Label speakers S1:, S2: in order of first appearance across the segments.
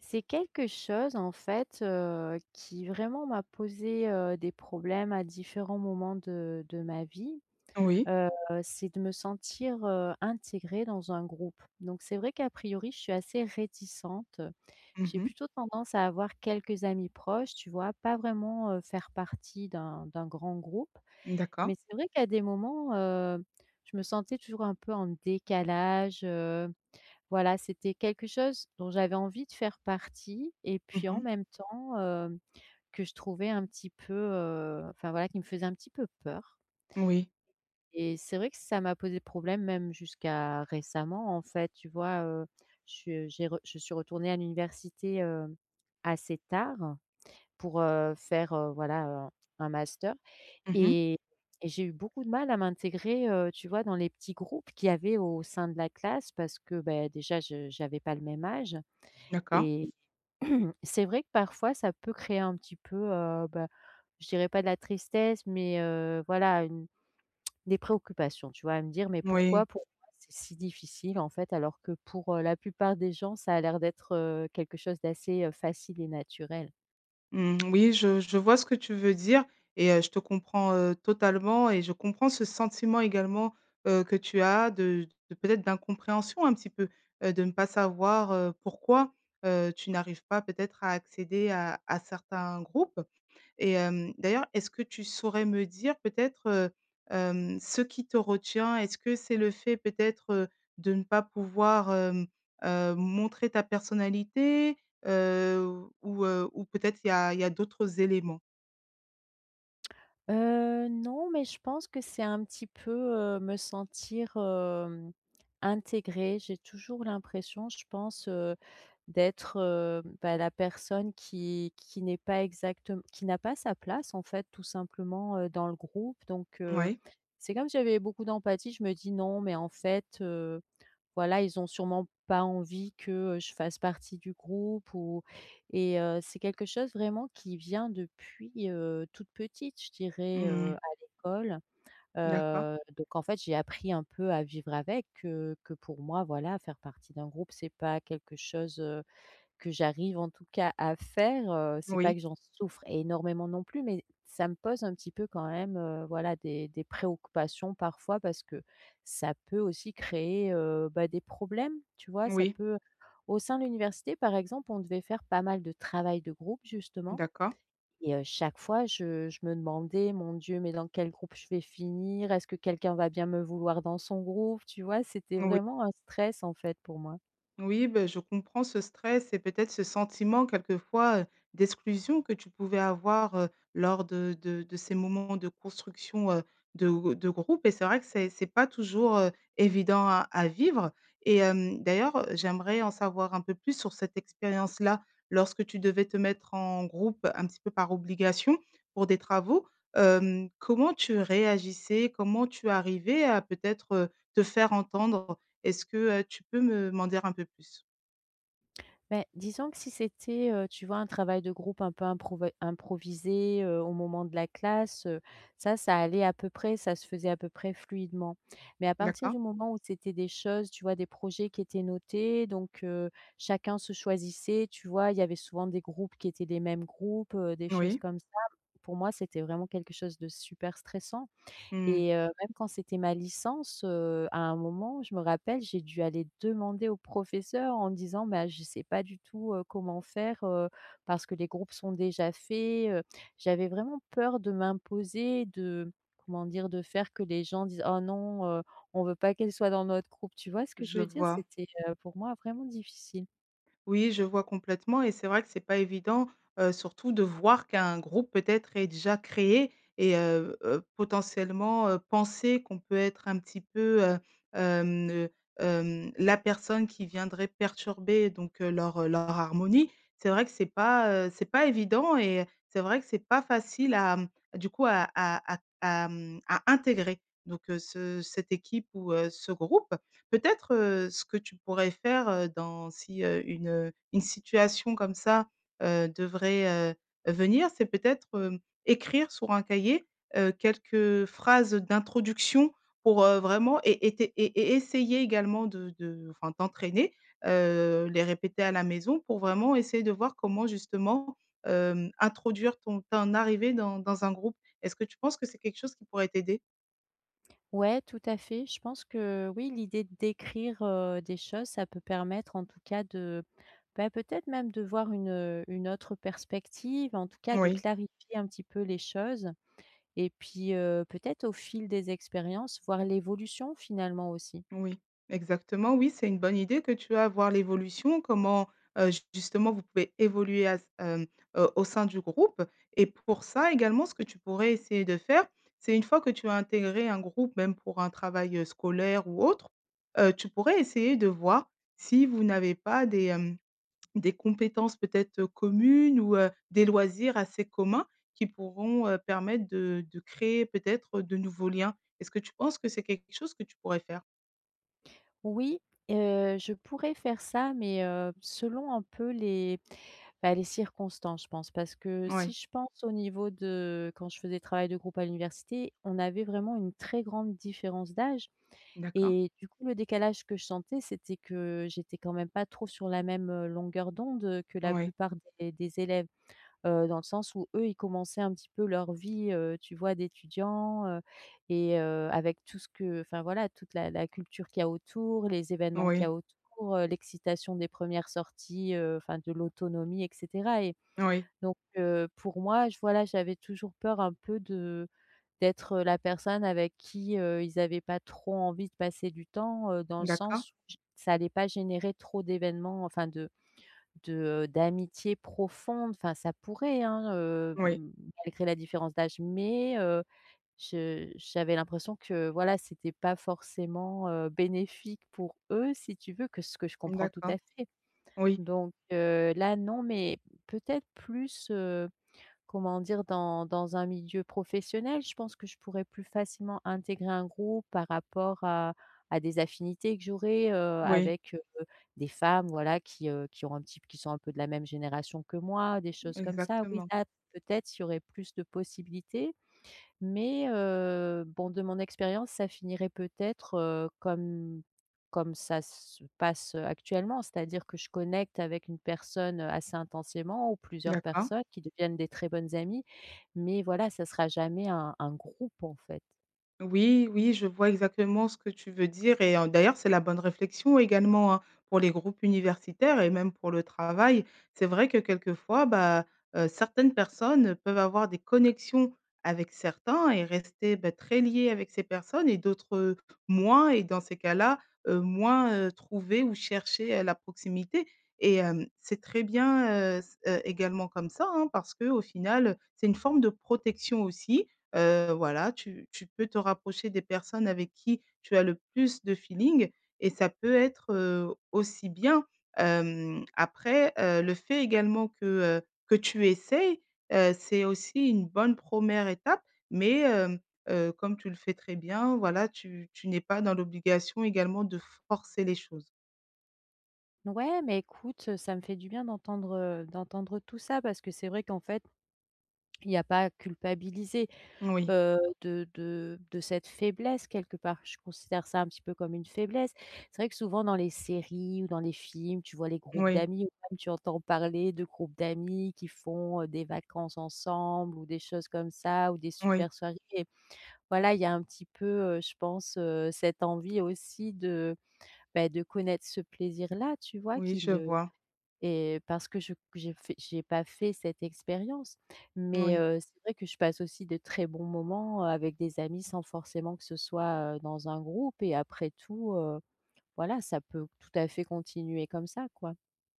S1: C'est quelque chose, en fait, heu, qui vraiment m'a posé, heu, des problèmes à différents moments de de ma vie.
S2: Oui.
S1: Heu, c'est de me sentir, heu, intégrée dans un groupe. Donc, c'est vrai, qu'a priori, je suis assez réticente.
S2: Mmh
S1: J'ai
S2: mh.
S1: plutôt tendance à avoir quelques amis proches, tu vois, pas vraiment, heu, faire partie d'un, d'un grand groupe.
S2: Mmh.
S1: Mais,
S2: D'accord.
S1: c'est vrai qu'à des moments, heu, je me sentais toujours un peu en décalage, heu. Voilà, c'était quelque chose dont j'avais envie de faire partie et
S2: Mmh
S1: puis en
S2: mh.
S1: même temps hem, que je trouvais un petit peu, heu, enfin, voilà, qui me faisait un petit peu peur
S2: Moui.
S1: et c'est vrai que ça m'a posé problème même jusqu'à récemment, en fait, tu vois, heu? Je j'ai re je suis retournée à l'université, heu, assez tard pour, heu, faire, heu, voilà, heu, un un master
S2: Mmh mh.
S1: et et j'ai eu beaucoup de mal à m'intégrer, heu, tu vois, dans les petits groupes qu'il y avait au sein de la classe parce que beh, déjà je j'avais pas le même âge
S2: D'accord.
S1: et c'est vrai que, parfois, ça peut créer un petit peu, heu, bah, je dirais pas de la tristesse, mais, heu, voilà, une des préoccupations, tu vois? À me dire: «Mais, pourquoi
S2: Oui.
S1: pour moi c'est si difficile, en fait, alors que pour, heu, la plupart des gens ça a l'air d'être, heu, quelque chose d'assez, heu, facile et naturel».
S2: Mmh, oui, je je vois ce que tu veux dire et heu, je te comprends, heu, totalement et je comprends ce sentiment également, heu, que tu as de de peut-être d'incompréhension un petit peu. Heu, de ne pas savoir, heu, pourquoi, heu, tu n'arrives pas, peut-être, à accéder à à certains groupes. Et hem, d'ailleurs, est-ce que tu saurais me dire, peut-être, heu, hem, ce qui te retient? Est-ce que c'est le fait, peut-être, heu, de ne pas pouvoir, hem, heu, montrer ta personnalité, heu, ou heu, ou peut-être il y a il y a d'autres éléments?
S1: Heu, non, mais je pense que c'est un petit peu, heu, me sentir, hem, intégrée. J'ai toujours l'impression, je pense, heu, d'être, heu, bah, la personne qui qui n'est pas exactem qui n'a pas sa place en fait tout simplement, heu, dans le groupe. Donc, heu,
S2: Moui.
S1: c'est comme si j'avais beaucoup d'empathie, je me dis: «Non mais en fait, heu, voilà ils ont sûrement pas envie que, heu, je fasse partie du groupe» ou et heu, c'est quelque chose vraiment qui vient depuis, heu, toute petite je dirais,
S2: Mmh
S1: heu,
S2: mh.
S1: à l'école.
S2: D'accord.
S1: Heu, donc en fait, j'ai appris un peu à vivre avec, heu. Que pour moi, voilà, faire partie d'un groupe c'est pas quelque chose, heu, que j'arrive, en tout cas, à faire, heu. C'est pas
S2: Oui.
S1: que j'en souffre énormément non plus mais, ça me pose un petit peu, quand même, heu, voilà, des des préoccupations parfois parce que ça peut aussi créer, heu, bah, des problèmes, tu vois? Ça
S2: Oui.
S1: peut, au sein de l'université par exemple, on devait faire pas mal de travail de groupe justement.
S2: D'accord.
S1: Et heu, chaque fois je je me demandais: «Mon Dieu, mais dans quel groupe je vais finir? Est-ce que quelqu'un va bien me vouloir dans son groupe?» tu vois? C'était
S2: Oui.
S1: vraiment un stress en fait pour moi.
S2: Oui, bah, je comprends ce stress et peut-être, ce sentiment quelquefois, heu, d'exclusion que tu pouvais avoir, heu, lors de de de ces moments de construction, heu, de gr de groupes et c'est vrai que c'est c'est pas toujours, heu, évident à à vivre. Et hem, d'ailleurs, heu, j'aimerais en savoir un peu plus sur cette expérience-là. Lorsque tu devais te mettre en groupe, un petit peu par obligation, pour des travaux, hem, comment tu réagissais? Comment tu arrivais à peut-être, heu, te faire entendre? Est-ce que, heu, tu peux me m'en dire un peu plus?
S1: Beh, disons que si c'était, heu, tu vois, un travail de groupe un peu improva improvisé, heu, au moment de la classe, heu, ça ça allait à peu près, ça se faisait à peu près fluidement. Mais à partir
S2: D'accord.
S1: du moment où c'étaient des choses, tu vois, des projets qui étaient notés donc, heu, chacun se choisissait, tu vois? Il y avait souvent des groupes qui étaient des mêmes groupes, heu, des choses
S2: Oui.
S1: comme ça. Pour moi c'était vraiment quelque chose de super stressant.
S2: Mmh.
S1: Et heu, même quand c'était ma licence, heu, à un moment je me rappelle j'ai dû aller demander au professeur en disant: «Bah, je sais pas du tout, heu, comment faire, heu, parce que les groupes sont déjà faits, heu». J'avais vraiment peur de m'imposer, de comment dire? De faire que les gens disent: «Oh non, heu, on veut pas qu'elle soit dans notre groupe», tu vois ce que je
S2: Je
S1: veux dire?
S2: vois.
S1: C'était, heu, pour moi vraiment difficile.
S2: Oui, je vois complètement et c'est vrai que c'est pas évident, heu, surtout de voir qu'un groupe, peut-être, est déjà créé et heu, heu, potentiellement, heu, penser qu'on peut être, un petit peu, heu, hem, ne hem, la personne qui viendrait perturber donc, heu, leur heu, leur harmonie. C'est vrai que c'est pas, heu, c'est pas évident et c'est vrai que c'est pas facile à, mmh, du coup à à à à à mmh, à intégrer donc, heu, ce cette équipe ou, heu, ce groupe. Peut-être, heu, ce que tu pourrais faire, heu, dans si heu, une heu, une situation comme ça, heu, devrait, heu, venir c'est peut-être, hem, écrire sur un cahier, heu, quelques phrases d'introduction pour, heu, vraiment é été é é essayer également de de enfin, t'entraîner. Heu, les répéter à la maison pour vraiment essayer de voir comment justement, hem, introduire ton ton arrivée dans dans un groupe. Est-ce que tu penses que c'est quelque chose qui pourrait t'aider?
S1: Ouais tout à fait, je pense que oui, l'idée d'écrire, heu, des choses, ça peut permettre en tout cas de, bah, peut-être même de voir une, heu, une autre perspective, en tout cas, de
S2: Oui.
S1: clarifier un petit peu les choses. Et puis, heu, peut-être au fil des expériences, voir l'évolution, finalement, aussi.
S2: Oui. Exactement, oui c'est une bonne idée que tu as, voir l'évolution, comment heu j justement vous pouvez évoluer à, hem, heu, au sein du groupe et pour ça également, ce que tu pourrais essayer de faire, c'est une fois que tu as intégré un groupe, même pour un travail, heu, scolaire ou autre, heu, tu pourrais essayer de voir si vous n'avez pas des, hem, des compétences peut-être, heu, communes ou, heu, des loisirs assez communs qui pourront, heu, permettre de de créer peut-être, heu, de nouveaux liens. Est-ce que tu penses que c'est quelque chose que tu pourrais faire?
S1: Oui, heu, je pourrais faire ça, mais, heu, selon un peu les bah, les circonstances je pense. Parce que si
S2: Ouais.
S1: je pense au niveau de quand je fais des travails de groupe à l'université, on avait vraiment une très grande différence d'âge.
S2: D'accord.
S1: Et du coup, le décalage que je sentais c'était que, j'étais quand même pas trop sur la même, heu, longueur d'onde, heu, que la
S2: OuI.
S1: plupart des des élèves, heu, dans le sens où eux, ils commençaient un petit peu leur vie heu, tu vois, d'étudiant, heu, et heu, avec tout ce que enfin voilà toute la la culture qu'il y a autour, les événements qu'il y
S2: Oui.
S1: a autour, heu, l'excitation des 1ères sorties, heu, enfin de l'autonomie et cetera et
S2: Oui.
S1: donc, heu, pour moi je voilà j'avais toujours peur, un peu, de d'être, heu, la personne avec qui, heu, ils avaient pas trop envie de passer du temps, heu, dans le
S2: D'accord.
S1: sens j ça allait pas générer trop d'événements, enfin de de heu, d'amitié profonde, enfin ça pourrait, hein, heu,
S2: Oui.
S1: m malgré la différence d'âge, mais, heu, je j'avais l'impression que voilà, c'était pas forcément, heu, bénéfique pour eux, si tu veux, que ce que je comprends tout
S2: D'accord.
S1: à fait.
S2: Oui.
S1: Donc, heu, là non, mais peut-être plus, heu, comment dire? Dans dans un milieu professionnel, je pense que je pourrais plus facilement intégrer un groupe par rapport à à des affinités que j'aurais, heu,
S2: Oui.
S1: avec, heu, des femmes, voilà, qui, heu, qui ont un type qui sont un peu de la même génération que moi, des choses comme ça. Oui,
S2: Exactement.
S1: là, peut-être il y aurait plus de possibilités. Mais, heu, bon, de mon expérience, ça finirait peut-être, heu, comme comme ça se passe, heu, actuellement. C'est-à-dire que je connecte avec une personne, heu, assez intensément ou plusieurs
S2: D'accord.
S1: personnes qui deviennent des très bonnes amies. Mais voilà, ça sera jamais un un groupe en fait.
S2: Oui oui. Je vois exactement ce que tu veux dire et en d'ailleurs, c'est la bonne réflexion également, hein, pour les groupes universitaires et même pour le travail. C'est vrai que, quelquefois, bah, heu, certaines personnes peuvent avoir des connexions avec certains et rester, beh, très liées avec ces personnes et d'autres, heu, moins et dans ces cas-là, heu, moins, heu, trouver ou chercher la proximité et hem, c'est très bien, heu, s heu, également comme ça, hein, parce qu'au final, heu, c'est une forme de protection aussi, heu, voilà. Tu tu peux te rapprocher des personnes avec qui tu as le plus de feeling et ça peut être, heu, aussi bien. Hem, après, heu, le fait également que, heu, que tu essaies, heu, c'est aussi une bonne 1re étape, mais, heu, heu, comme tu le fais très bien, voilà. Tu tu n'es pas dans l'obligation également de forcer les choses.
S1: Ouais, mais écoute, heu, ça me fait du bien d'entendre, heu, d'entendre tout ça parce que c'est vrai qu'en fait, il y a pas à culpabiliser,
S2: Oui.
S1: heu, de de de cette faiblesse quelque part. Je considère ça un petit peu comme une faiblesse. C'est vrai que souvent dans les séries ou dans les films, tu vois les groupes
S2: Oui.
S1: d'amis ou même tu entends parler de groupes d'amis qui font, heu, des vacances ensemble ou des choses comme ça ou des
S2: Oui.
S1: super soirées. Voilà, il y a un petit peu, heu, je pense, heu, cette envie aussi de, beh, de connaître ce plaisir-là, tu vois,
S2: Oui,
S1: qui
S2: je
S1: me
S2: vois.
S1: et parce que je j'ai fait j'ai pas fait cette expérience. Mais,
S2: Oui.
S1: heu, c'est vrai que je passe aussi de très bons moments, heu, avec des amis sans forcément que ce soit, heu, dans un groupe et après tout, heu, voilà, ça peut tout à fait continuer comme ça, quoi.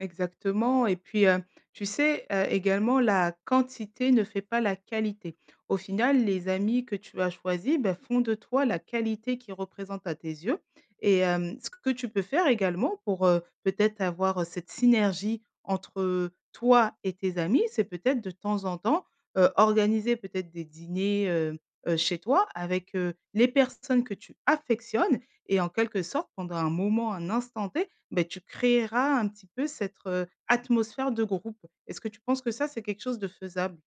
S2: Exactement et puis, hem, tu sais, heu, également la quantité ne fait pas la qualité. Au final, les amis que tu as choisi, bah, font de toi la qualité qui représente à tes yeux et hem, ce que tu peux faire également pour, heu, peut-être avoir, heu, cette synergie, entre toi et tes amis c'est peut-être de temps en temps, heu, organiser peut-être des dîners, hem, heu, chez toi, avec, heu, les personnes que tu affectionnes et en quelque sorte pendant un moment, un instant T, beh, tu créeras un petit peu cette, heu, atmosphère de groupe. Est-ce que tu penses que, ça, c'est quelque chose de faisable?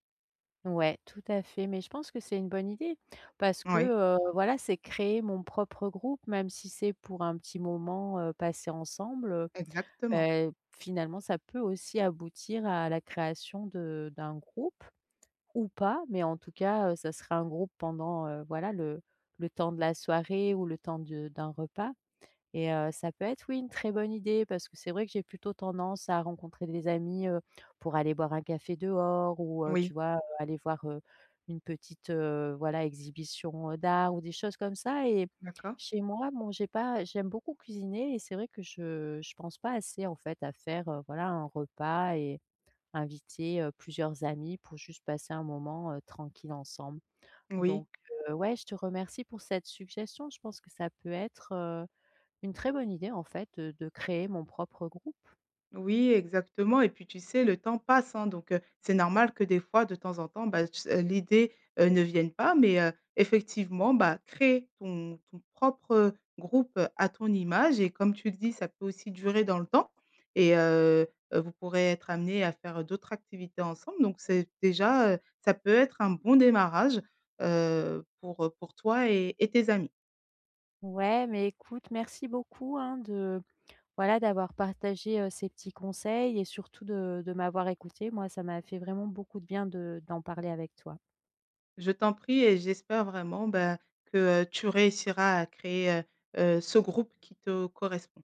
S1: Ouais, tout à fait. Mais, je pense que c'est une bonne idée parce que,
S2: Oui.
S1: heu, voilà, c'est créer mon propre groupe même si c'est pour un petit moment, heu, passé ensemble, heu.
S2: Exactement.
S1: Beh, finalement, ça peut aussi aboutir à la création de d'un groupe ou pas. Mais, en tout cas, heu, ça sera un groupe pendant, heu, voilà, le le temps de la soirée ou le temps de d'un repas et heu, ça peut être, oui, une très bonne idée parce que c'est vrai que j'ai plutôt tendance à rencontrer des amis, heu, pour aller boire un café dehors ou, heu, tu
S2: Oui.
S1: vois, heu, aller voir, heu, une petite, heu, voilà, exhibition, heu, d'art ou des choses comme ça et
S2: D'accord.
S1: chez moi, bon j'ai pas j'aime beaucoup cuisiner et c'est vrai que je je pense pas assez, en fait, à faire, heu, voilà, un repas et inviter, heu, plusieurs amis pour juste passer un moment, heu, tranquille ensemble.
S2: Oui.
S1: Donc, heu, ouais. Je te remercie pour cette suggestion. Je pense que ça peut être, heu, une très bonne idée, en fait, heu, de créer mon propre groupe.
S2: Oui, exactement et puis, tu sais, le temps passe, hein. Donc, heu, c'est normal que, des fois, de temps en temps, bah, tu sais, heu, l'idée, heu, ne vienne pas mais, heu, effectivement, bah, créer ton ton propre, heu, groupe à ton image et comme tu le dis, ça peut aussi durer dans le temps et heu heu, vous pourrez être amenés à faire, heu, d'autres activités ensemble. Donc, c'est déjà, heu, ça peut être un bon démarrage, heu, pour, heu, pour toi et et tes amis.
S1: Ouais. Mais, écoute, merci beaucoup, hein, de, voilà, d'avoir partagé, heu, ces petits conseils et surtout de de m'avoir écoutée. Moi, ça m'a fait vraiment beaucoup de bien de d'en parler avec toi.
S2: Je t'en prie et j'espère vraiment, ben, que, heu, tu réussiras à créer, heu heu, ce groupe qui te correspond.